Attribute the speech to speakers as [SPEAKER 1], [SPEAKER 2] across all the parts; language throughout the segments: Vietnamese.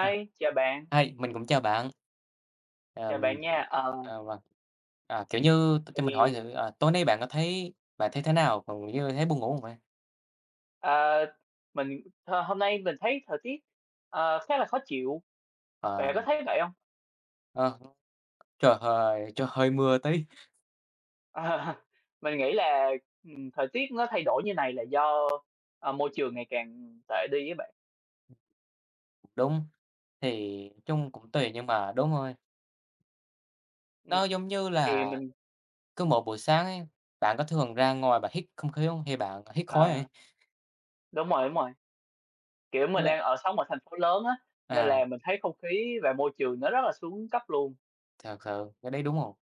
[SPEAKER 1] À.
[SPEAKER 2] chào bạn.
[SPEAKER 1] Hi, mình cũng chào bạn. Ờm,
[SPEAKER 2] Chào bạn nha. Ờ
[SPEAKER 1] à, vâng. À, kiểu như t cho mình hỏi
[SPEAKER 2] Thì
[SPEAKER 1] thử, ờ, tối nay bạn có thấy bạn thấy thế nào, còn như thấy buồn ngủ không vậy?
[SPEAKER 2] Ờ, mình hôm hôm nay mình thấy thời tiết, ờ, khá là khó chịu,
[SPEAKER 1] Ờ.
[SPEAKER 2] bạn có thấy vậy hông?
[SPEAKER 1] Ờ, trời hơi trời hơi mưa tí.
[SPEAKER 2] Ờ, mình nghĩ là, ừm, thời tiết nó thay đổi như này là do, ờ, môi trường ngày càng tệ đi á bạn.
[SPEAKER 1] Đúng, thì chung cũng tùy nhưng mà đúng rồi.
[SPEAKER 2] Ừm,
[SPEAKER 1] Nó giống như là
[SPEAKER 2] thì mình
[SPEAKER 1] cứ mỗi buổi sáng ấy, bạn có thường ra ngoài bạn hít không khí hông hay bạn hít khói đây?
[SPEAKER 2] Ờ. Đúng rồi, đúng rồi. Kiểu,
[SPEAKER 1] Như
[SPEAKER 2] mình
[SPEAKER 1] bạn
[SPEAKER 2] đang ở sống ở thành phố lớn á, nên
[SPEAKER 1] À.
[SPEAKER 2] là mình thấy không khí và môi trường nó rất là xuống cấp luôn.
[SPEAKER 1] Thật sự, cái đấy, đúng hông?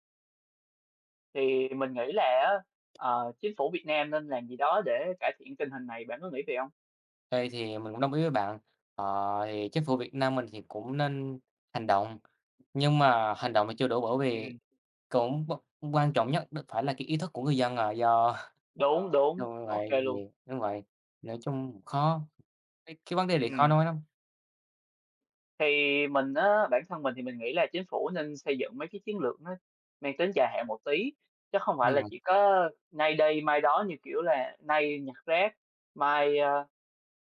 [SPEAKER 2] Thì mình nghĩ là á, ờ, chính phủ Việt Nam nên làm gì đó để cải thiện tình hình này, bạn có nghĩ vậy hông?
[SPEAKER 1] Đây, thì mình cũng đồng ý với bạn, ờ, thì chính phủ Việt Nam mình thì cũng nên hành động, nhưng mà hành động thì chưa đủ bởi vì
[SPEAKER 2] Ừm.
[SPEAKER 1] cũng v quan trọng nhất đ phải là cái ý thức của người dân, ờ, do
[SPEAKER 2] Đúng, đúng,
[SPEAKER 1] đúng
[SPEAKER 2] ô kê
[SPEAKER 1] vậy
[SPEAKER 2] luôn.
[SPEAKER 1] vì đúng vậy, nói chung khó, cái cái vấn đề này khó
[SPEAKER 2] Ừm.
[SPEAKER 1] nói lắm.
[SPEAKER 2] Thì mình á, bản thân mình thì mình nghĩ là chính phủ nên xây dựng mấy cái chiến lược nó mang tính dài hạn một tí, chứ không phải
[SPEAKER 1] Đúng
[SPEAKER 2] là
[SPEAKER 1] rồi.
[SPEAKER 2] chỉ có nay đây mai đó như kiểu là nay nhặt rác, mai, a,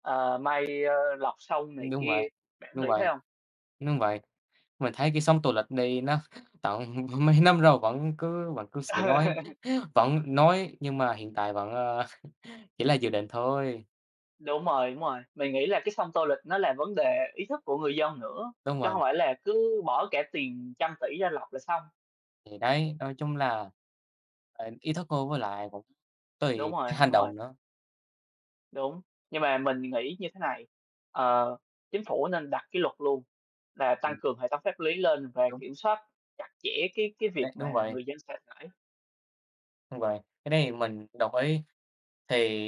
[SPEAKER 2] ờ, mai, a, lọc sông này
[SPEAKER 1] Đúng vậy,
[SPEAKER 2] kia. Bạn
[SPEAKER 1] đúng
[SPEAKER 2] nghĩ thế
[SPEAKER 1] vậy,
[SPEAKER 2] hông?
[SPEAKER 1] đúng vậy. Mình thấy cái sông Tô Lịch đây nó tận mấy năm rồi vẫn cứ vẫn cứ sẽ nói vẫn nói nhưng mà hiện tại vẫn, a, chỉ là dự định thôi.
[SPEAKER 2] Đúng rồi, đúng rồi. Mình nghĩ là cái sông Tô Lịch nó là vấn đề ý thức của người dân nữa,
[SPEAKER 1] Đúng
[SPEAKER 2] chứ
[SPEAKER 1] vậy.
[SPEAKER 2] không phải là cứ bỏ cả tiền trăm tỷ ra lọc là xong.
[SPEAKER 1] Thì đấy, nói chung là, ờ, ý thức thôi với lại cũng
[SPEAKER 2] Đúng
[SPEAKER 1] tùy cái
[SPEAKER 2] rồi,
[SPEAKER 1] hành
[SPEAKER 2] đúng rồi.
[SPEAKER 1] động nữa.
[SPEAKER 2] Đúng. Nhưng mà mình nghĩ như thế này, ờ, chính phủ nên đặt cái luật luôn là tăng
[SPEAKER 1] Ừm.
[SPEAKER 2] cường hệ thống pháp lý lên và
[SPEAKER 1] Đúng.
[SPEAKER 2] kiểm soát chặt chẽ cái cái việc
[SPEAKER 1] Đấy,
[SPEAKER 2] mà
[SPEAKER 1] đúng vậy.
[SPEAKER 2] người dân sẽ phải
[SPEAKER 1] Đúng vậy, cái này mình đồng ý. Thì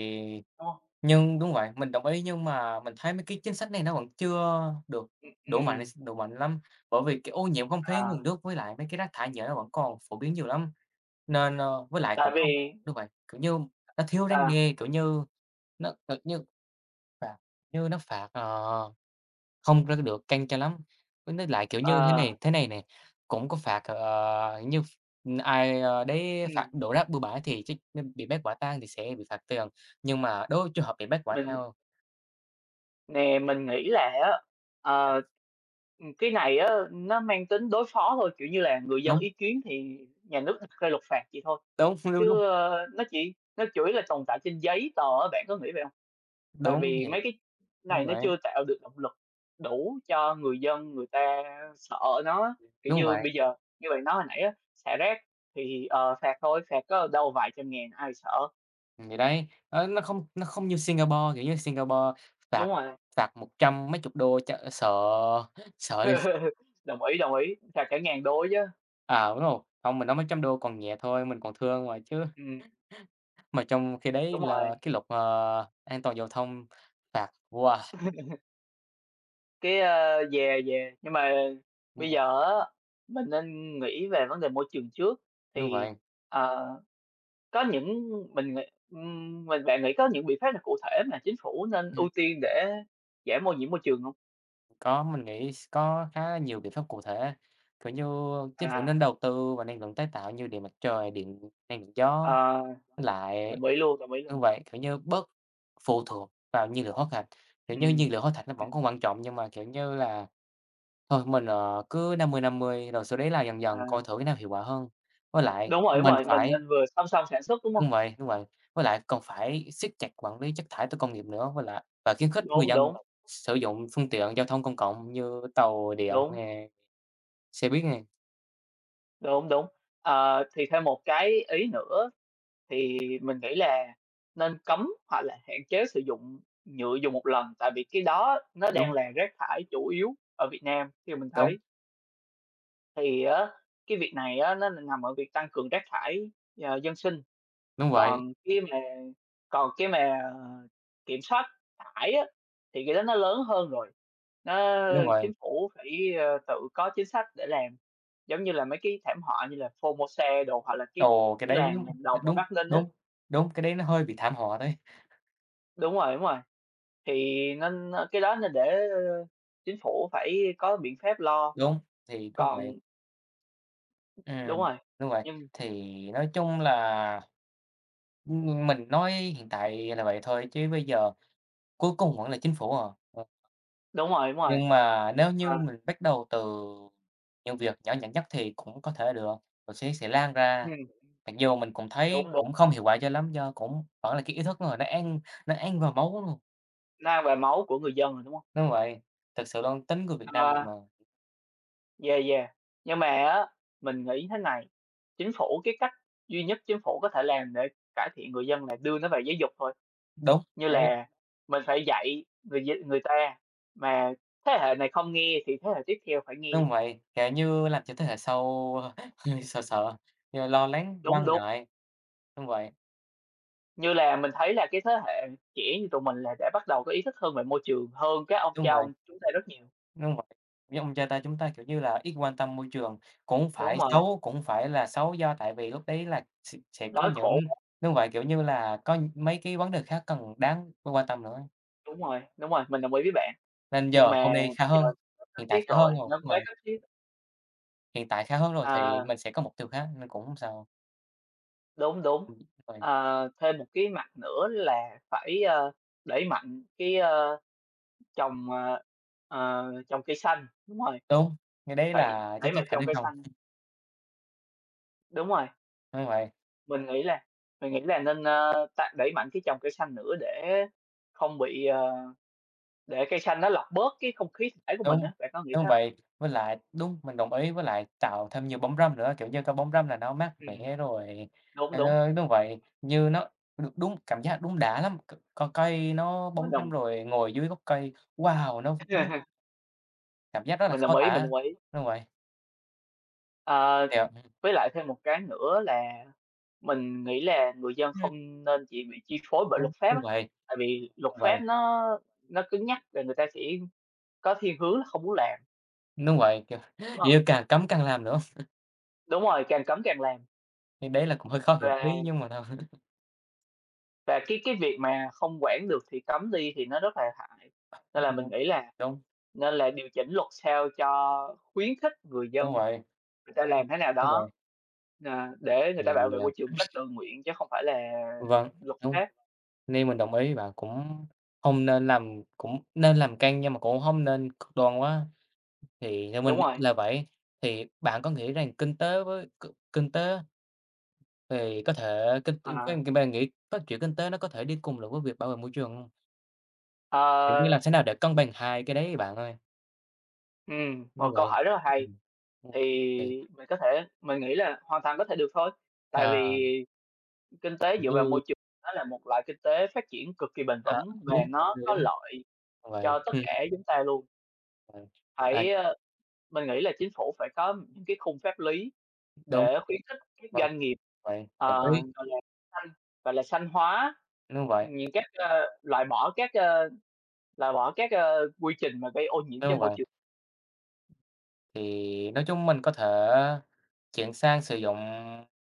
[SPEAKER 2] Ô.
[SPEAKER 1] nhưng đúng vậy, mình đồng ý nhưng mà mình thấy mấy cái chính sách này nó vẫn chưa được
[SPEAKER 2] Ừm,
[SPEAKER 1] đủ mạnh
[SPEAKER 2] ừm.
[SPEAKER 1] s đủ mạnh lắm, bởi vì cái ô nhiễm không khí, nguồn
[SPEAKER 2] À.
[SPEAKER 1] nước với lại mấy cái rác thải nhựa nó vẫn còn phổ biến nhiều lắm. Nên, a với lại
[SPEAKER 2] Tại
[SPEAKER 1] cũng không
[SPEAKER 2] vì
[SPEAKER 1] đúng vậy, kiểu như, nó thiếu răn
[SPEAKER 2] À.
[SPEAKER 1] đe, kiểu như, nó thật như phạt như nó phạt, ờ, không có được căng cho lắm. Với với lại, kiểu, như thế
[SPEAKER 2] Ờ.
[SPEAKER 1] này thế này nè, cũng có phạt, ờ, như ph ai đấy phạt
[SPEAKER 2] Ừm.
[SPEAKER 1] đổ rác bừa bãi thì chắc nên bị bắt quả tang thì sẽ bị phạt tiền, nhưng mà đối với trường hợp bị bắt quả
[SPEAKER 2] Mình
[SPEAKER 1] tang
[SPEAKER 2] Nè, mình nghĩ là á, ờ, ừm, cái này á nó mang tính đối phó thôi, kiểu như là, người dân
[SPEAKER 1] Đúng.
[SPEAKER 2] ý kiến thì nhà nước đặt ra luật phạt vậy thôi.
[SPEAKER 1] Đóng phi, đúng hông?
[SPEAKER 2] Chứ, a, nó chỉ nó chủ yếu là tồn tại trên giấy tờ á, bạn có nghĩ vậy hông? Tại
[SPEAKER 1] Đúng
[SPEAKER 2] vì
[SPEAKER 1] thiệt,
[SPEAKER 2] mấy cái
[SPEAKER 1] đúng
[SPEAKER 2] này nó
[SPEAKER 1] vậy.
[SPEAKER 2] chưa tạo được động lực đủ cho người dân người ta sợ nó á. Kiểu
[SPEAKER 1] Đúng
[SPEAKER 2] như,
[SPEAKER 1] vậy.
[SPEAKER 2] bây giờ, như bạn nói hồi nãy á, xả rác thì, ờ, phạt thôi, phạt có đâu vài trăm ngàn, ai sợ?
[SPEAKER 1] Thì đấy, nó nó không nó không như Singapore, kiểu như, Singapore
[SPEAKER 2] Đúng
[SPEAKER 1] phạt
[SPEAKER 2] rồi.
[SPEAKER 1] phạt một trăm mấy chục đô cho sợ sợ x
[SPEAKER 2] Đồng ý, đồng ý, phạt cả ngàn đô á chớ.
[SPEAKER 1] À, đúng rồi, không, mình nói mấy trăm đô còn nhẹ thôi, mình còn thương rồi chứ.
[SPEAKER 2] Ừm.
[SPEAKER 1] Mà trong khi đấy,
[SPEAKER 2] Đúng
[SPEAKER 1] là
[SPEAKER 2] rồi.
[SPEAKER 1] cái luật, ờ, an toàn giao thông phạt, wow!
[SPEAKER 2] Cái a yeah, yeah, nhưng mà
[SPEAKER 1] Ừ.
[SPEAKER 2] bây giờ á, mình nên nghĩ về vấn đề môi trường trước,
[SPEAKER 1] Đúng
[SPEAKER 2] thì,
[SPEAKER 1] vậy.
[SPEAKER 2] ờ, có những mình nghĩ, ừm, mình bạn nghĩ có những biện pháp nào cụ thể mà chính phủ nên
[SPEAKER 1] Ừm.
[SPEAKER 2] ưu tiên để giảm ô nhiễm môi trường hông?
[SPEAKER 1] Có mình nghĩ s có khá là nhiều biện pháp cụ thể, kiểu như, chính phủ
[SPEAKER 2] À.
[SPEAKER 1] nên đầu tư vào năng lượng tái tạo như điện mặt trời, điện năng lượng gió
[SPEAKER 2] Ờ.
[SPEAKER 1] với lại
[SPEAKER 2] Đồng ý luôn, đồng ý
[SPEAKER 1] đúng
[SPEAKER 2] luôn!
[SPEAKER 1] vậy, kiểu như, bớt phụ thuộc vào nhiên liệu hoá thạch. Kiểu như, nhiên
[SPEAKER 2] Ừm,
[SPEAKER 1] liệu hóa thạch nó vẫn
[SPEAKER 2] ừm.
[SPEAKER 1] còn quan trọng nhưng mà, kiểu như là, thôi mình, ờ, cứ 50-50 rồi sau đấy là dần dần
[SPEAKER 2] À.
[SPEAKER 1] coi thử cái nào hiệu quả hơn. Với lại
[SPEAKER 2] Đúng rồi, đúng
[SPEAKER 1] mình
[SPEAKER 2] rồi, mình
[SPEAKER 1] phải
[SPEAKER 2] nên vừa song song sản xuất, đúng hông?
[SPEAKER 1] đúng vậy, đúng vậy, với lại cần phải siết chặt quản lý chất thải từ công nghiệp nữa, với lại và khuyến khích người
[SPEAKER 2] Đúng,
[SPEAKER 1] dân
[SPEAKER 2] đúng.
[SPEAKER 1] sử dụng phương tiện giao thông công cộng như tàu điện
[SPEAKER 2] Đúng!
[SPEAKER 1] nè, xe buýt nè.
[SPEAKER 2] Đúng, đúng, ờ, thì thêm một cái ý nữa thì mình nghĩ là nên cấm hoặc là hạn chế sử dụng nhựa dùng 1 lần, tại vì cái đó nó đang
[SPEAKER 1] Đúng!
[SPEAKER 2] là rác thải chủ yếu ở Việt Nam, theo mình
[SPEAKER 1] Đúng!
[SPEAKER 2] thấy. Thì á cái việc này á nó n nằm ở việc tăng cường rác thải, ờ, dân sinh.
[SPEAKER 1] Đúng vậy.
[SPEAKER 2] Còn khi mà còn cái mà kiểm soát thải á, thì cái đó nó lớn hơn rồi. Nó
[SPEAKER 1] Đúng vậy.
[SPEAKER 2] chính phủ phải, ờ, tự có chính sách để làm, giống như là mấy cái thảm họa như là Formosa đồ hoặc là cái
[SPEAKER 1] Ồ, cái
[SPEAKER 2] cái
[SPEAKER 1] đấy, ưm
[SPEAKER 2] làng làng đồng ở
[SPEAKER 1] đúng,
[SPEAKER 2] Bắc Ninh á.
[SPEAKER 1] đúng, đúng! Cái đấy nó hơi bị thảm họa đấy!
[SPEAKER 2] Đúng rồi, đúng rồi. Thì nên, ơ, cái đó nên để, ơ, chính phủ phải có biện pháp lo.
[SPEAKER 1] Đúng. Thì cũng vậy.
[SPEAKER 2] Còn Đúng
[SPEAKER 1] Ừm,
[SPEAKER 2] rồi,
[SPEAKER 1] đúng vậy.
[SPEAKER 2] nhưng
[SPEAKER 1] Thì nói chung là, ừm, mình nói hiện tại là vậy thôi chứ bây giờ cuối cùng vẫn là chính phủ à, ờ.
[SPEAKER 2] Đúng rồi, đúng rồi.
[SPEAKER 1] Nhưng mà nếu như
[SPEAKER 2] Ờ.
[SPEAKER 1] mình bắt đầu từ những việc nhỏ nhặt nhất thì cũng có thể được, rồi sẽ sẽ lan ra.
[SPEAKER 2] Hừm.
[SPEAKER 1] Mặc dù mình cũng thấy
[SPEAKER 2] Đúng, đúng.
[SPEAKER 1] cũng không hiệu quả cho lắm, do cũng vẫn là cái ý thức người nó ăn nó ăn vào máu luôn.
[SPEAKER 2] Nó ăn vào máu của người dân rồi, đúng hông?
[SPEAKER 1] Đúng vậy, thực sự luôn, tính người Việt Nam mình
[SPEAKER 2] Ờ.
[SPEAKER 1] mà.
[SPEAKER 2] Yeah, yeah. Nhưng mà á, mình nghĩ thế này, chính phủ cái cách duy nhất chính phủ có thể làm để cải thiện người dân là đưa nó về giáo dục thôi.
[SPEAKER 1] Đúng!
[SPEAKER 2] Như
[SPEAKER 1] Đấy.
[SPEAKER 2] là mình phải dạy người dinh người ta, mà thế hệ này không nghe thì thế hệ tiếp theo phải nghe.
[SPEAKER 1] Đúng vậy, cả như làm cho thế hệ sau sợ sợ, l lo lắng,
[SPEAKER 2] Đúng,
[SPEAKER 1] quan
[SPEAKER 2] đúng.
[SPEAKER 1] ngại. Đúng vậy.
[SPEAKER 2] Như là mình thấy là cái thế hệ trẻ như tụi mình là đã bắt đầu có ý thức hơn về môi trường hơn các ông,
[SPEAKER 1] Đúng
[SPEAKER 2] cha
[SPEAKER 1] vậy.
[SPEAKER 2] ông chúng ta rất nhiều.
[SPEAKER 1] Đúng v như ông cha ta, chúng ta, kiểu như là, ít quan tâm môi trường cũng
[SPEAKER 2] Đúng
[SPEAKER 1] phải
[SPEAKER 2] rồi.
[SPEAKER 1] xấu, cũng phải là xấu do tại vì lúc đấy là s sẽ có
[SPEAKER 2] Đói
[SPEAKER 1] những
[SPEAKER 2] khổ.
[SPEAKER 1] đúng vậy, kiểu như là, có mấy cái vấn đề khác cần đáng phải quan tâm nữa.
[SPEAKER 2] Đúng rồi, đúng rồi, mình đồng ý với bạn.
[SPEAKER 1] Nên
[SPEAKER 2] Nhưng
[SPEAKER 1] giờ hôm
[SPEAKER 2] mà
[SPEAKER 1] nay khá
[SPEAKER 2] giờ
[SPEAKER 1] hơn,
[SPEAKER 2] nó cấp
[SPEAKER 1] hiện tại
[SPEAKER 2] thiết
[SPEAKER 1] khá hơn
[SPEAKER 2] rồi,
[SPEAKER 1] rồi,
[SPEAKER 2] nó
[SPEAKER 1] đúng
[SPEAKER 2] quá
[SPEAKER 1] vậy.
[SPEAKER 2] cấp thiết.
[SPEAKER 1] Hiện tại khá hơn rồi thì
[SPEAKER 2] Ờ.
[SPEAKER 1] mình sẽ có mục tiêu khác nên cũng sao.
[SPEAKER 2] Đúng, đúng,
[SPEAKER 1] Ừm, vậy
[SPEAKER 2] ờ, thêm một cái mặt nữa là phải, ơ, đẩy mạnh cái, ơ, trồng, ờ, ờ, trồng cây xanh, đúng rồi.
[SPEAKER 1] Đúng, cái đấy
[SPEAKER 2] Phải
[SPEAKER 1] là chiết
[SPEAKER 2] đẩy
[SPEAKER 1] chiết
[SPEAKER 2] mạnh
[SPEAKER 1] phải
[SPEAKER 2] trồng
[SPEAKER 1] trên
[SPEAKER 2] cây
[SPEAKER 1] không.
[SPEAKER 2] xanh. Đúng rồi.
[SPEAKER 1] Đúng vậy.
[SPEAKER 2] Mình nghĩ là mình nghĩ là nên, ơ, tạ đẩy mạnh cái trồng cây xanh nữa để không bị, ờ để cây xanh nó lọc bớt cái không khí s thải của mình
[SPEAKER 1] Đúng,
[SPEAKER 2] á. Bạn có nghĩ
[SPEAKER 1] đúng
[SPEAKER 2] thế hông?
[SPEAKER 1] vậy, với lại đúng, mình đồng ý với lại tạo thêm nhiều bóng râm nữa, kiểu như, cái bóng râm là nó mát
[SPEAKER 2] Ừm.
[SPEAKER 1] mẻ rồi
[SPEAKER 2] Đúng,
[SPEAKER 1] ê,
[SPEAKER 2] đúng.
[SPEAKER 1] tới đúng vậy, như nó được đúng cảm giác đúng đã lắm, c co cây nó
[SPEAKER 2] Á,
[SPEAKER 1] bóng râm
[SPEAKER 2] đồng
[SPEAKER 1] rồi ngồi dưới gốc cây, wow! Nó vũng Cảm giác rất là
[SPEAKER 2] Mình
[SPEAKER 1] khó
[SPEAKER 2] đồng ý, mình
[SPEAKER 1] tả,
[SPEAKER 2] đồng ý.
[SPEAKER 1] đúng vậy.
[SPEAKER 2] Ờ,
[SPEAKER 1] Thiệt
[SPEAKER 2] với lại thêm một cái nữa là mình nghĩ là người dân
[SPEAKER 1] Ừm.
[SPEAKER 2] không nên chỉ bị chi phối bởi
[SPEAKER 1] Đúng,
[SPEAKER 2] luật pháp
[SPEAKER 1] đúng
[SPEAKER 2] á,
[SPEAKER 1] vậy,
[SPEAKER 2] tại vì luật
[SPEAKER 1] đúng vậy.
[SPEAKER 2] pháp nó nó cứng nhắc là người ta sẽ có thiên hướng là không muốn làm.
[SPEAKER 1] Đúng vậy, kiểu
[SPEAKER 2] Đúng
[SPEAKER 1] kiểu
[SPEAKER 2] rồi.
[SPEAKER 1] càng cấm càng làm nữa.
[SPEAKER 2] Đúng rồi, càng cấm càng làm.
[SPEAKER 1] Thì đấy là cũng hơi khó hiểu tí
[SPEAKER 2] Và
[SPEAKER 1] nhưng mà thật sự
[SPEAKER 2] Và cái cái việc mà không quản được thì cấm đi thì nó rất là hại,
[SPEAKER 1] Ờ hết
[SPEAKER 2] nên là mình
[SPEAKER 1] luôn,
[SPEAKER 2] nghĩ là
[SPEAKER 1] đúng.
[SPEAKER 2] nên là điều chỉnh luật sao cho khuyến khích người dân,
[SPEAKER 1] Đúng vậy.
[SPEAKER 2] người ta làm thế nào
[SPEAKER 1] Đúng
[SPEAKER 2] đó,
[SPEAKER 1] vậy.
[SPEAKER 2] ờ, để người
[SPEAKER 1] Thì,
[SPEAKER 2] ta bảo vệ
[SPEAKER 1] à
[SPEAKER 2] môi trường một cách tự nguyện chứ không phải là
[SPEAKER 1] Vâng,
[SPEAKER 2] luật
[SPEAKER 1] đúng.
[SPEAKER 2] pháp.
[SPEAKER 1] Nên mình đồng ý với bạn. Cũng không nên làm cũng nên làm căng nhưng mà cũng không nên cực đoan quá, thì theo
[SPEAKER 2] Đúng
[SPEAKER 1] mình
[SPEAKER 2] rồi.
[SPEAKER 1] là vậy, thì bạn có nghĩ rằng kinh tế với c kinh tế Thì có thể kinh cái
[SPEAKER 2] À.
[SPEAKER 1] thì bạn nghĩ phát triển kinh tế nó có thể đi cùng lại với việc bảo vệ môi trường hông? Kiểu như làm
[SPEAKER 2] Ờ.
[SPEAKER 1] thế nào để cân bằng hai cái đấy, bạn ơi?
[SPEAKER 2] Ừm, một
[SPEAKER 1] Đúng
[SPEAKER 2] câu
[SPEAKER 1] vậy,
[SPEAKER 2] hỏi rất là hay,
[SPEAKER 1] ừm,
[SPEAKER 2] thì
[SPEAKER 1] thì
[SPEAKER 2] mình có thể mình nghĩ là hoàn toàn có thể được thôi. Tại
[SPEAKER 1] À.
[SPEAKER 2] vì kinh tế
[SPEAKER 1] Kiểu
[SPEAKER 2] dựa vào
[SPEAKER 1] như
[SPEAKER 2] môi trường, nó là một loại kinh tế phát triển cực kỳ bền
[SPEAKER 1] À,
[SPEAKER 2] vững và
[SPEAKER 1] đúng, v
[SPEAKER 2] nó có
[SPEAKER 1] đúng.
[SPEAKER 2] lợi
[SPEAKER 1] Thật
[SPEAKER 2] cho
[SPEAKER 1] vậy,
[SPEAKER 2] tất
[SPEAKER 1] ừ.
[SPEAKER 2] cả chúng ta luôn.
[SPEAKER 1] À, à.
[SPEAKER 2] Phải, ờ mình nghĩ là Chính phủ phải có những cái khung pháp lý
[SPEAKER 1] Đúng.
[SPEAKER 2] để khuyến khích các
[SPEAKER 1] Vâng,
[SPEAKER 2] doanh nghiệp,
[SPEAKER 1] vậy đồng
[SPEAKER 2] ờ,
[SPEAKER 1] ý.
[SPEAKER 2] gọi là, xanh, gọi là, xanh hóa
[SPEAKER 1] Đúng vậy.
[SPEAKER 2] những cách, ơ, loại bỏ các, ơ loại bỏ các, ơ, quy trình mà gây ô nhiễm cho
[SPEAKER 1] Đúng
[SPEAKER 2] môi
[SPEAKER 1] vậy.
[SPEAKER 2] trường.
[SPEAKER 1] Thì nói chung mình có thể chuyển sang sử dụng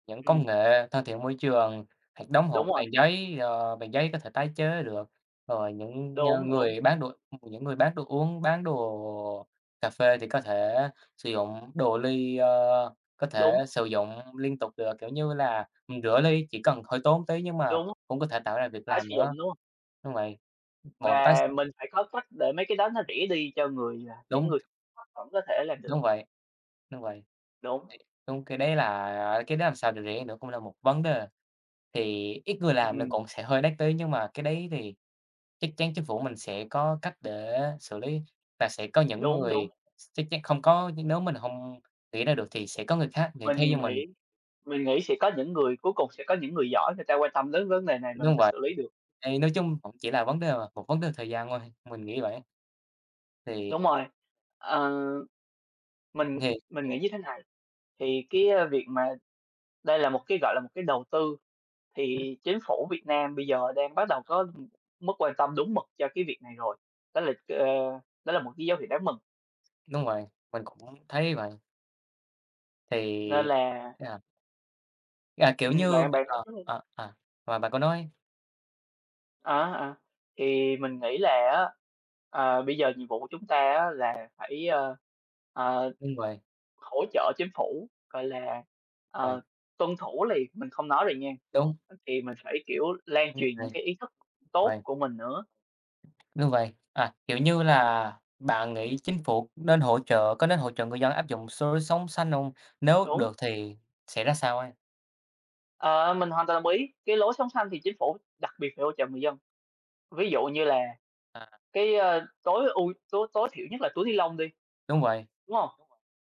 [SPEAKER 1] những công
[SPEAKER 2] Ừm.
[SPEAKER 1] nghệ thân thiện môi trường, hoặc đóng hộp
[SPEAKER 2] Đúng rồi.
[SPEAKER 1] bằng giấy, ờ, bằng giấy có thể tái chế được, rồi những ng
[SPEAKER 2] Đúng, đúng.
[SPEAKER 1] người bán đồ những người bán đồ uống, bán đồ cà phê thì có thể sử dụng đồ ly, ờ, có thể
[SPEAKER 2] Đúng.
[SPEAKER 1] sử dụng liên tục được, kiểu như là, ừm, rửa ly chỉ cần hơi tốn một tý nhưng mà
[SPEAKER 2] Đúng.
[SPEAKER 1] cũng có thể tạo ra việc
[SPEAKER 2] Tái
[SPEAKER 1] làm
[SPEAKER 2] sử
[SPEAKER 1] nữa.
[SPEAKER 2] dụng, đúng hông?
[SPEAKER 1] Đúng vậy, một là tái s
[SPEAKER 2] Và mình phải có cách để mấy cái đó nó rẻ đi cho người, ờ những
[SPEAKER 1] Đúng.
[SPEAKER 2] người thấp vẫn có thể làm được.
[SPEAKER 1] Đúng vậy. Đúng vậy.
[SPEAKER 2] Đúng.
[SPEAKER 1] Thiệt đúng, cái đấy là a, cái đó làm sao để rẻ nữa cũng là một vấn đề. Thì ít người làm nó
[SPEAKER 2] Ừm.
[SPEAKER 1] cũng sẽ hơi đắt tý, nhưng mà cái đấy thì chắc chắn chính phủ mình sẽ có cách để xử lý và sẽ có những
[SPEAKER 2] Đúng, đúng.
[SPEAKER 1] người s chắc chắn không có nếu mình hông nghĩ ra được thì sẽ có người khác nghĩ thay cho
[SPEAKER 2] Mình
[SPEAKER 1] mình.
[SPEAKER 2] nghĩ mình nghĩ sẽ có những người cuối cùng sẽ có những người giỏi người ta quan tâm đến vấn đề này và người
[SPEAKER 1] Đúng
[SPEAKER 2] ta
[SPEAKER 1] vậy,
[SPEAKER 2] xử lý được.
[SPEAKER 1] thì nói chung cũng chỉ là vấn đề mà, một vấn đề thời gian thôi, mình nghĩ vậy ấy. Thì
[SPEAKER 2] Đúng rồi. Ờ, mình
[SPEAKER 1] Thì
[SPEAKER 2] mình nghĩ như thế này, thì cái, ơ, việc mà đây là một cái, gọi là, một cái đầu tư thì Chính phủ Việt Nam bây giờ đang bắt đầu có, ừm, mức quan tâm đúng mực cho cái việc này rồi. Đó là ờ, đó là một cái dấu hiệu đáng mừng.
[SPEAKER 1] Đúng vậy, mình cũng thấy vậy.
[SPEAKER 2] Nên
[SPEAKER 1] Thì
[SPEAKER 2] là
[SPEAKER 1] à. À, kiểu
[SPEAKER 2] Ừm,
[SPEAKER 1] như
[SPEAKER 2] bạn bạn nói
[SPEAKER 1] ờ,
[SPEAKER 2] trước đi.
[SPEAKER 1] ờ, ờ, và bạn cứ nói.
[SPEAKER 2] Á, à, thì mình nghĩ là á, ờ, bây giờ nhiệm vụ của chúng ta á là phải, ờ, ờ,
[SPEAKER 1] Đúng vậy.
[SPEAKER 2] hỗ trợ chính phủ, gọi là,
[SPEAKER 1] Vậy.
[SPEAKER 2] ờ, tuân thủ liền. Mình không nói liền nha
[SPEAKER 1] Đúng.
[SPEAKER 2] thì mình phải, kiểu, lan
[SPEAKER 1] Đúng
[SPEAKER 2] truyền những
[SPEAKER 1] vậy.
[SPEAKER 2] cái ý thức tốt
[SPEAKER 1] Vậy.
[SPEAKER 2] của mình nữa.
[SPEAKER 1] Đúng vậy, à, kiểu như là, bạn nghĩ chính phủ nên hỗ trợ có nên hỗ trợ người dân áp dụng số sống xanh hông? Nếu
[SPEAKER 2] Đúng.
[SPEAKER 1] được thì sẽ ra sao a?
[SPEAKER 2] Ờ, mình hoàn toàn đồng ý, cái lối sống xanh thì chính phủ đặc biệt phải hỗ trợ người dân. Ví dụ như là
[SPEAKER 1] À.
[SPEAKER 2] cái, ơ, tối ưu tối tối thiểu nhất là túi ni-lông đi.
[SPEAKER 1] Đúng vậy.
[SPEAKER 2] Đúng không?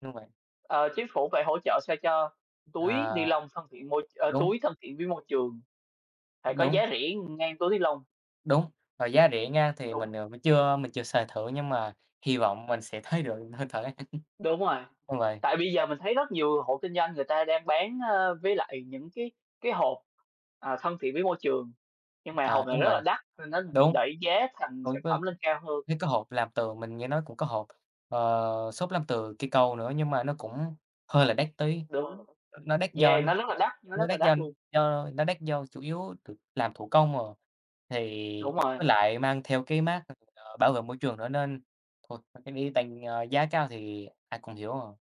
[SPEAKER 1] Đúng vậy.
[SPEAKER 2] Ờ, chính phủ phải hỗ trợ sao cho túi
[SPEAKER 1] À.
[SPEAKER 2] ni-lông thân thiện môi ơ,
[SPEAKER 1] Đúng.
[SPEAKER 2] túi thân thiện với môi trường,
[SPEAKER 1] A,
[SPEAKER 2] phải có
[SPEAKER 1] đúng.
[SPEAKER 2] giá rẻ, ừm, ngang túi ni-lông.
[SPEAKER 1] Đúng và giá rẻ nha thì mình,
[SPEAKER 2] Đúng.
[SPEAKER 1] ờ, mình chưa mình chưa xài thử nhưng mà hi vọng mình sẽ thấy được hơi thở
[SPEAKER 2] Đúng rồi.
[SPEAKER 1] đúng vậy.
[SPEAKER 2] Tại bây giờ mình thấy rất nhiều hộ kinh doanh người ta đang bán, ơ, với lại những cái cái hộp, ờ, thân thiện với môi trường, nhưng mà
[SPEAKER 1] À,
[SPEAKER 2] hộp này
[SPEAKER 1] đúng
[SPEAKER 2] rất
[SPEAKER 1] vậy,
[SPEAKER 2] là đắt nên nó
[SPEAKER 1] đúng.
[SPEAKER 2] đẩy giá thành sản
[SPEAKER 1] Cũng có
[SPEAKER 2] phẩm lên cao hơn.
[SPEAKER 1] thấy có hộp làm tường, mình nghe nói cũng có hộp, ờ, xốp làm từ cây cau nữa nhưng mà nó cũng hơi là đắt tí,
[SPEAKER 2] Đúng,
[SPEAKER 1] ơ, nó đắt do
[SPEAKER 2] yeah, nó rất là đắt, nó
[SPEAKER 1] nó
[SPEAKER 2] rất là
[SPEAKER 1] đắt do
[SPEAKER 2] đắt luôn.
[SPEAKER 1] do nó đắt do chủ yếu th làm thủ công, ờ, thì
[SPEAKER 2] Đúng rồi.
[SPEAKER 1] với lại mang theo cái mác, ờ, bảo vệ môi trường nữa nên thôi cái đó tăng, ơ, giá cao thì ai cũng hiểu ờ.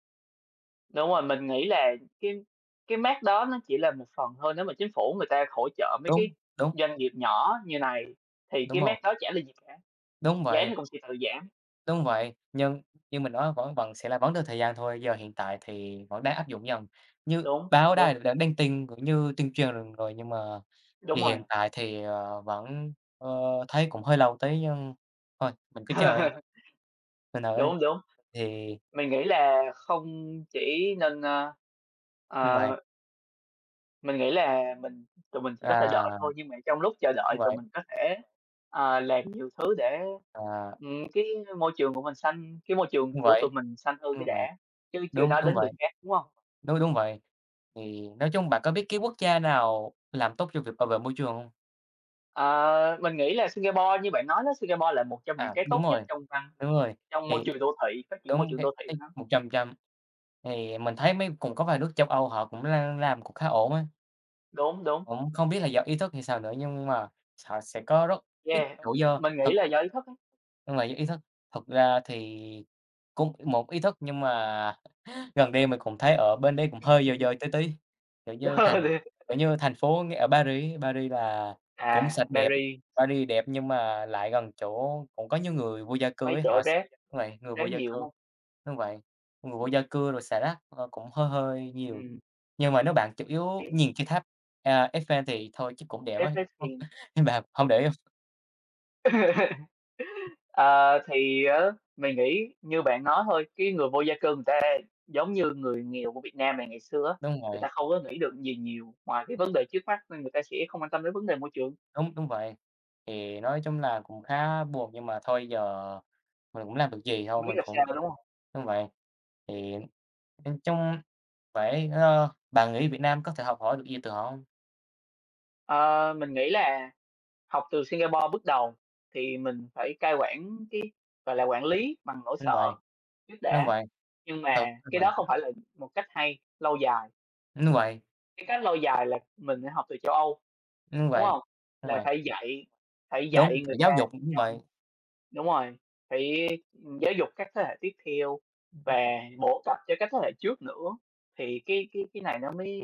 [SPEAKER 2] Đúng rồi, mình nghĩ là cái cái mác đó nó chỉ là một phần thôi, nếu mà chính phủ người ta hỗ trợ mấy cái
[SPEAKER 1] Đúng, đúng.
[SPEAKER 2] doanh nghiệp nhỏ như này, thì
[SPEAKER 1] Đúng
[SPEAKER 2] cái mác
[SPEAKER 1] rồi.
[SPEAKER 2] đó chả là gì cả,
[SPEAKER 1] Đúng
[SPEAKER 2] dán
[SPEAKER 1] vậy.
[SPEAKER 2] rồi công ty tự giảm.
[SPEAKER 1] Đúng vậy, nhưng như mình nói vẫn vẫn sẽ là vẫn được thời gian thôi, giờ hiện tại thì vẫn đang áp dụng dần. Như
[SPEAKER 2] Đúng,
[SPEAKER 1] báo
[SPEAKER 2] đúng.
[SPEAKER 1] đài đã đăng tin cũng như tuyên truyền rồi, nhưng mà
[SPEAKER 2] Đúng
[SPEAKER 1] thì
[SPEAKER 2] rồi.
[SPEAKER 1] hiện tại thì, ờ, vẫn, ờ, thấy cũng hơi lâu tí nhưng thôi mình cứ chờ đi. Thành thử đây,
[SPEAKER 2] Đúng, đúng.
[SPEAKER 1] thì
[SPEAKER 2] Mình nghĩ là không chỉ nên, à
[SPEAKER 1] Đúng
[SPEAKER 2] ờ.
[SPEAKER 1] vậy.
[SPEAKER 2] Mình nghĩ là mình tụi mình chỉ có thể
[SPEAKER 1] À!
[SPEAKER 2] đợi thôi. Nhưng mà trong lúc chờ đợi
[SPEAKER 1] Đúng
[SPEAKER 2] tụi
[SPEAKER 1] vậy.
[SPEAKER 2] mình có thể, ờ, làm nhiều thứ để,
[SPEAKER 1] À!
[SPEAKER 2] ừm, cái môi trường của mình xanh cái môi trường
[SPEAKER 1] Đúng
[SPEAKER 2] của
[SPEAKER 1] vậy,
[SPEAKER 2] tụi mình xanh hơn cái
[SPEAKER 1] đúng vậy,
[SPEAKER 2] đã, chứ chưa
[SPEAKER 1] đúng,
[SPEAKER 2] nói
[SPEAKER 1] đúng
[SPEAKER 2] đến người
[SPEAKER 1] vậy.
[SPEAKER 2] khác, đúng hông?
[SPEAKER 1] Đúng, đúng vậy, thì nói chung bạn có biết cái quốc gia nào làm tốt trong việc bảo vệ môi trường không?
[SPEAKER 2] Ờ, mình nghĩ là Singapore như bạn nói á, Singapore là một trong những
[SPEAKER 1] À,
[SPEAKER 2] cái
[SPEAKER 1] đúng
[SPEAKER 2] tốt nhất
[SPEAKER 1] rồi.
[SPEAKER 2] trong văn
[SPEAKER 1] Đúng rồi,
[SPEAKER 2] trong môi
[SPEAKER 1] thì
[SPEAKER 2] trường đô thị, phát triển môi
[SPEAKER 1] đúng
[SPEAKER 2] trường
[SPEAKER 1] cái
[SPEAKER 2] đô thị của
[SPEAKER 1] cái
[SPEAKER 2] nó.
[SPEAKER 1] 100% thì mình thấy mấy cũng có vài nước châu Âu họ cũng l làm cũng khá ổn á.
[SPEAKER 2] Đúng, đúng.
[SPEAKER 1] Cũng không biết là do ý thức hay sao nữa nhưng mà họ sẽ có rất ít
[SPEAKER 2] Yeah,
[SPEAKER 1] rủi do
[SPEAKER 2] mình nghĩ
[SPEAKER 1] thực
[SPEAKER 2] là do ý thức á.
[SPEAKER 1] Nhưng mà những ý thức, thực ra thì cũng một ý thức nhưng mà gần đây mình cũng thấy ở bên đấy cũng hơi dơ dơ tí tí. Kiểu như, thành kiểu như, thành phố ở Paris á, Paris là cũng
[SPEAKER 2] À,
[SPEAKER 1] sạch đẹp,
[SPEAKER 2] Paris.
[SPEAKER 1] Paris đẹp nhưng mà lại gần chỗ cũng có nhiều người vô gia cư
[SPEAKER 2] Mấy
[SPEAKER 1] ấy,
[SPEAKER 2] chỗ
[SPEAKER 1] họ x
[SPEAKER 2] rác
[SPEAKER 1] đúng vậy, người vô
[SPEAKER 2] rác
[SPEAKER 1] gia
[SPEAKER 2] nhiều, đúng
[SPEAKER 1] cư,
[SPEAKER 2] hông?
[SPEAKER 1] đúng vậy, người vô gia cư rồi xả rác, ờ, cũng hơi hơi nhiều,
[SPEAKER 2] Ừm.
[SPEAKER 1] nhưng mà nếu bạn chủ yếu
[SPEAKER 2] Thấy.
[SPEAKER 1] nhìn cái tháp, à, Eiffel thì thôi chắc cũng đẹp
[SPEAKER 2] Nếu
[SPEAKER 1] á,
[SPEAKER 2] thế thì
[SPEAKER 1] nhưng bạn hông để ý hông?
[SPEAKER 2] Ờ, thì á mình nghĩ như bạn nói thôi, cái người vô gia cư người ta giống như người nghèo của Việt Nam mà ngày xưa á.
[SPEAKER 1] Đúng
[SPEAKER 2] Người
[SPEAKER 1] vậy.
[SPEAKER 2] ta không có nghĩ được gì nhiều ngoài cái vấn đề trước mắt nên người ta sẽ không quan tâm đến vấn đề môi trường.
[SPEAKER 1] Đúng, đúng vậy, thì nói chung là cũng khá buồn nhưng mà thôi giờ mình cũng làm được gì, thôi
[SPEAKER 2] Hông biết
[SPEAKER 1] mình
[SPEAKER 2] là
[SPEAKER 1] cũng
[SPEAKER 2] sao, đúng hông?
[SPEAKER 1] đúng vậy. Thì nhìn chung phải ơ, bạn nghĩ Việt Nam có thể học hỏi được gì từ họ hông?
[SPEAKER 2] Ờ, mình nghĩ là học từ Singapore bước đầu thì mình phải cai quản cái, gọi là, quản lý bằng nỗi
[SPEAKER 1] Đúng vậy,
[SPEAKER 2] sợ trước
[SPEAKER 1] đúng
[SPEAKER 2] đã,
[SPEAKER 1] vậy.
[SPEAKER 2] nhưng
[SPEAKER 1] Thực
[SPEAKER 2] mà
[SPEAKER 1] đúng
[SPEAKER 2] cái
[SPEAKER 1] vậy.
[SPEAKER 2] đó không phải là một cách hay, lâu dài.
[SPEAKER 1] Đúng vậy.
[SPEAKER 2] Cái cách lâu dài là mình, ơ,học từ châu Âu,
[SPEAKER 1] Đúng
[SPEAKER 2] đúng
[SPEAKER 1] vậy,
[SPEAKER 2] hông?
[SPEAKER 1] đúng
[SPEAKER 2] Là
[SPEAKER 1] vậy.
[SPEAKER 2] phải dạy phải dạy
[SPEAKER 1] Đúng, cả
[SPEAKER 2] người ta
[SPEAKER 1] giáo dục cũng
[SPEAKER 2] chăm
[SPEAKER 1] vậy.
[SPEAKER 2] đúng rồi. Phải, ừm, giáo dục các thế hệ tiếp theo và
[SPEAKER 1] Ừm.
[SPEAKER 2] bổ cập cho các thế hệ trước nữa thì cái cái cái này nó mới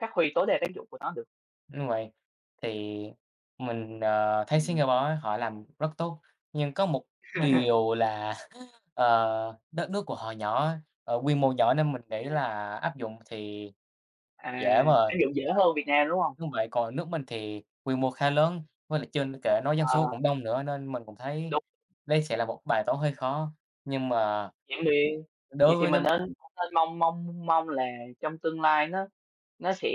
[SPEAKER 2] phát huy tối đa tác dụng của nó được.
[SPEAKER 1] Đúng vậy, thì mình, ờ, thấy
[SPEAKER 2] Ừm.
[SPEAKER 1] Singapore á họ làm rất tốt, nhưng có một điều là, ờ, đất nước của họ nhỏ á, ờ, quy mô nhỏ nên mình nghĩ
[SPEAKER 2] À.
[SPEAKER 1] là áp dụng thì
[SPEAKER 2] À,
[SPEAKER 1] dễ mà.
[SPEAKER 2] ứng dụng dễ hơn Việt Nam, đúng hông?
[SPEAKER 1] Đúng vậy, còn nước mình thì quy mô khá lớn, với lại chưa n kể nói dân số
[SPEAKER 2] Ờ.
[SPEAKER 1] cũng đông nữa nên mình cũng thấy
[SPEAKER 2] Đúng.
[SPEAKER 1] đây sẽ là một bài toán hơi khó, nhưng mà
[SPEAKER 2] Vậy thì vậy
[SPEAKER 1] đối
[SPEAKER 2] thì
[SPEAKER 1] với
[SPEAKER 2] mình
[SPEAKER 1] nấm
[SPEAKER 2] nên nên mong mong mong là trong tương lai nó nó sẽ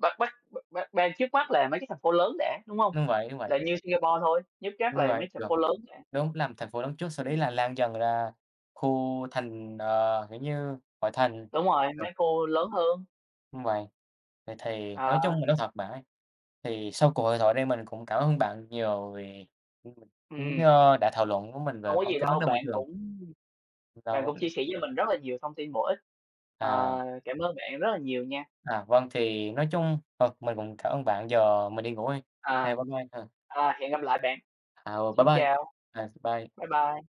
[SPEAKER 2] bắt bắt b bắt be trước mắt là mấy cái thành phố lớn đã, đúng hông?
[SPEAKER 1] Đúng vậy, đúng vậy.
[SPEAKER 2] Là như Singapore thôi, nhất chắc
[SPEAKER 1] Đúng
[SPEAKER 2] là
[SPEAKER 1] vậy,
[SPEAKER 2] mấy thành
[SPEAKER 1] được.
[SPEAKER 2] phố lớn đã.
[SPEAKER 1] Đúng, làm thành phố lớn trước, sau đấy là lan dần ra khu thành ờ, kiểu như, ngoại thành,
[SPEAKER 2] Đúng rồi,
[SPEAKER 1] ờ.
[SPEAKER 2] mấy khu lớn hơn.
[SPEAKER 1] Đúng vậy. Vậy thì nói
[SPEAKER 2] Ờ.
[SPEAKER 1] chung là nói thật bạn ấy, thì sau cuộc hội thoại đây mình cũng cảm ơn bạn nhiều vì, ừm, cũng,
[SPEAKER 2] Ừm.
[SPEAKER 1] ơ, đã thảo luận với mình về
[SPEAKER 2] Không có
[SPEAKER 1] vấn
[SPEAKER 2] gì
[SPEAKER 1] cái vấn
[SPEAKER 2] đâu,
[SPEAKER 1] đề môi
[SPEAKER 2] bạn
[SPEAKER 1] trường.
[SPEAKER 2] cũng bạn cũng chia
[SPEAKER 1] Đúng.
[SPEAKER 2] sẻ với mình rất là nhiều thông tin bổ ích.
[SPEAKER 1] À.
[SPEAKER 2] Ờ, cảm ơn bạn rất là nhiều nha!
[SPEAKER 1] À, vâng, thì nói chung, ờ, mình cũng cảm ơn bạn, giờ mình đi ngủ đây. À,
[SPEAKER 2] À.
[SPEAKER 1] bye bye, ờ.
[SPEAKER 2] À, hẹn gặp lại bạn.
[SPEAKER 1] Ờ, bye
[SPEAKER 2] Xin
[SPEAKER 1] bye!
[SPEAKER 2] chào!
[SPEAKER 1] Ờ, bye.
[SPEAKER 2] Bye bye!